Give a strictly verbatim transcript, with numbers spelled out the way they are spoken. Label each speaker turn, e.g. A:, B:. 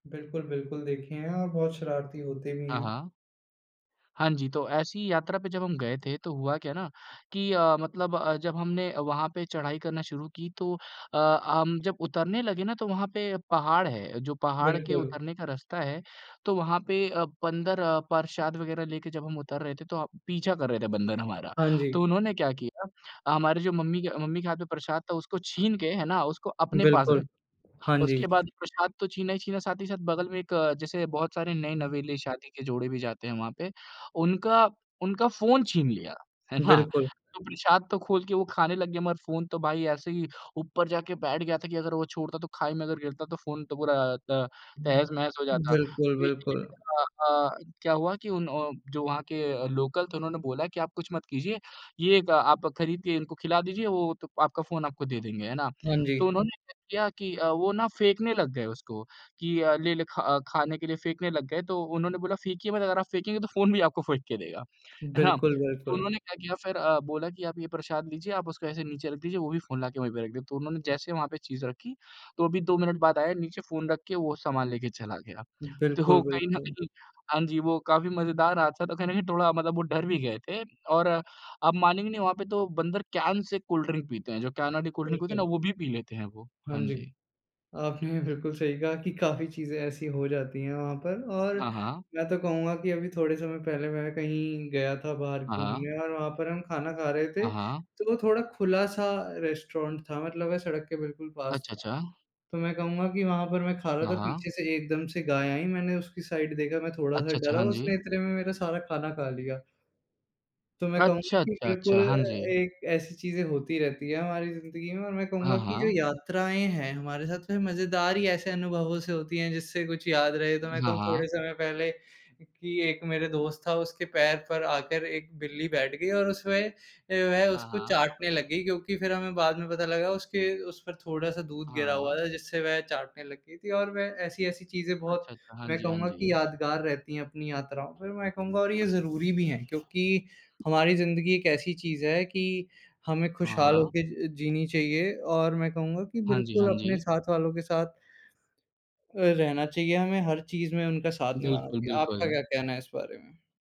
A: बिल्कुल, बिल्कुल देखे हैं और बहुत शरारती होते भी
B: हाँ,
A: हैं।
B: हाँ। हाँ जी तो ऐसी यात्रा पे जब हम गए थे, तो हुआ क्या ना कि अ, मतलब अ, जब हमने वहाँ पे चढ़ाई करना शुरू की। तो अ, हम जब उतरने लगे ना, तो वहाँ पे पहाड़ है। जो पहाड़ के
A: बिल्कुल।
B: उतरने का रास्ता है तो वहाँ पे अ, बंदर प्रसाद वगैरह लेके जब हम उतर रहे थे, तो पीछा कर रहे थे बन्दर हमारा।
A: हाँ जी।
B: तो उन्होंने क्या किया, हमारी जो मम्मी के मम्मी के हाथ में प्रसाद था, उसको छीन के है ना उसको अपने पास
A: बिल्कुल,
B: रख
A: हाँ जी।
B: उसके बाद प्रसाद तो छीना ही छीना। साथ ही साथ बगल में एक अ, जैसे बहुत सारे नये-नवेले शादी के जोड़े भी जाते हैं वहाँ पे, उनका उनका फ़ोन छीन लिया। है ना?
A: बिल्कुल।
B: तो प्रसाद तो खोल के वो खाने लग गए, मगर फ़ोन तो भाई ऐसे ही ऊपर जाके बैठ गया था कि अगर वो छोड़ता तो खाई में गिरता तो फ़ोन तो पूरा अ, त तहस-नहस हो जाता।
A: बिल्कुल,
B: तो इसी बीच
A: बिल्कुल।
B: अ अ, क्या हुआ कि उन्ह जो वहाँ के लोकल थे उन्होंने बोला कि आप कुछ मत कीजिये, ये आप खरीद के इनको खिला दीजिए वो त आपका फ़ोन आपको दे देंगे, है ना?
A: हाँ जी।
B: तो उन्होंने क्या किया कि अ, वो ना फेंकने लग गए उसको कि अ, लेले ख खाने के लिए फेकने लग गए। तो उन्होंने बोला फेंकिये मत, अगर आप फेकेंगे तो फ़ोन भी आपको फेंक के देगा। है ना?
A: बिल्कुल,
B: तो
A: बिल्कुल।
B: उन्होंने क्या किया फिर अ, बोला कि आप ये प्रसाद लीजिए, आप उसको ऐसे नीचे रख दीजिए, वो भी फ़ोन ला के वहीं पे रख देगा। तो उन्होंने जैसे वहाँ पे चीज़ रखी, तो अभी दो मिनट बाद आया नीचे फ़ोन रख के, वो सामान लेके चला गया।
A: बिल्कुल,
B: तो कहीं न
A: बिल्कुल।
B: कहीं, हाँ जी वो काफ़ी मज़ेदार हादसा था, तो कहीं न कहीं थोड़ा मतलब वो डर भी गए थे। और आप मानेंगे नहीं वहाँ पे तो बंदर कैन से कोल्ड ड्रिंक पीते हैं। जो कैन वाली कोल्ड ड्रिंक होती है ना,
A: बिल्कुल।
B: वो भी पी लेते हैं वो।
A: हाँ
B: हाँ
A: जी।
B: जी।
A: आपने बिल्कुल सही कहा कि काफ़ी चीज़ें ऐसी हो जाती है वहाँ पर और
B: हाँ, हाँ।
A: मैं तो कहूँगा कि अभी थोड़े समय पहले मैं कहीं गया था बाहर
B: हाँ, हाँ।
A: घूमने और वहाँ पर हम खाना खा रहे थे।
B: हाँ, हाँ।
A: तो वो थोड़ा खुला-सा रेस्टोरेंट था मतलब मैं सड़क के बिल्कुल पास
B: अच्छा
A: था।
B: अच्छा।
A: तो मैं कहूँगा कि वहाँ पर मैं खा रहा
B: हाँ,
A: था
B: हाँ।
A: पीछे से एकदम से गाय आईं मैंने उसकी साइड देखा, मैं थोड़ा-सा
B: अच्छा, अच्छा।
A: डरा
B: हाँ जी।
A: उसने इतने में मेरा सारा खाना खा लिया। तो मैं
B: अच्छा,
A: कहूँगा कि
B: अच्छा,
A: बिल्कुल
B: अच्छा। हाँ
A: अ,
B: जी।
A: एक ऐसी चीज़ें होती रहती हैं, हमारी ज़िंदगी में और मैं
B: हाँ,
A: कहूँगा कि जो
B: हाँ।
A: यात्राएँ हैं, हमारे साथ में मज़ेदार ही ऐसे अनुभवों से होती हैं जिससे कुछ याद रहे। तो मैं
B: हाँ,
A: कहूँ
B: हाँ।
A: थोड़े समय पहले कि एक मेरा दोस्त था उसके पैर पर आकर एक बिल्ली बैठ गई और उसमें वह
B: हाँ,
A: उसको
B: हाँ।
A: चाटने लग गई, क्योंकि फिर हमें बाद में पता लगा उसके उस पर थोड़ा-सा दूध गिरा हुआ
B: हाँ।
A: था जिससे वह चाटने लग गई थी। और वह ऐसी-ऐसी चीज़ें बहुत
B: अच्छा, अच्छा। हाँ
A: मैं
B: जी, हाँ
A: कहूँगा कि
B: जी।
A: यादगार रहती हैं, अपनी यात्राओं पर मैं कहूँगा और ये ज़रूरी भी है क्योंकि हमारी ज़िंदगी एक ऐसी चीज़ है कि हमें खुशहाल हो
B: हाँ।
A: के अ, जीनी चाहिए और मैं कहूँगा कि
B: हाँ जी,
A: बिल्कुल
B: हाँ
A: अपने
B: जी।
A: साथ वालों के साथ अ, रहना चाहिए हमें हर चीज़ में उनका साथ निभाना
B: बिल्कुल,
A: चाहिए। आपका क्या
B: बिल्कुल।
A: कहना है इस बारे में?